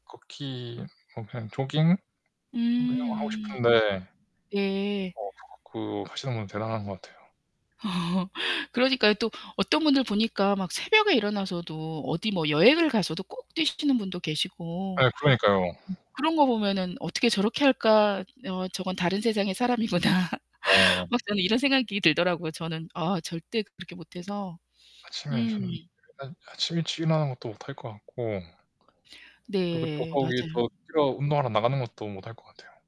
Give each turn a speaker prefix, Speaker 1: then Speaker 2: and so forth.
Speaker 1: 걷기 뭐 그냥 조깅? 그냥 뭐 하고
Speaker 2: 음.
Speaker 1: 싶은데
Speaker 2: 예.
Speaker 1: 어 그거 그 하시는 분은 대단한 것 같아요.
Speaker 2: 그러니까요. 또 어떤 분들 보니까 막 새벽에 일어나서도 어디 뭐 여행을 가서도 꼭 뛰시는 분도 계시고.
Speaker 1: 예.
Speaker 2: 음.
Speaker 1: 그러니까요.
Speaker 2: 그런 거 보면은 '어떻게 저렇게 할까? 어 저건 다른 세상의 사람이구나.'
Speaker 1: 네.
Speaker 2: 막 저는 이런 생각이 들더라고요. 저는 아 절대 그렇게 못 해서.
Speaker 1: 아침에
Speaker 2: 음.
Speaker 1: 저는 일단 아침 일찍 일어나는 것도 못 할 것 같고 그리고 또
Speaker 2: 네.
Speaker 1: 더욱 이게
Speaker 2: 맞아요.
Speaker 1: 더 뛰어 운동하러 나가는 것도 못 할 것 같아요.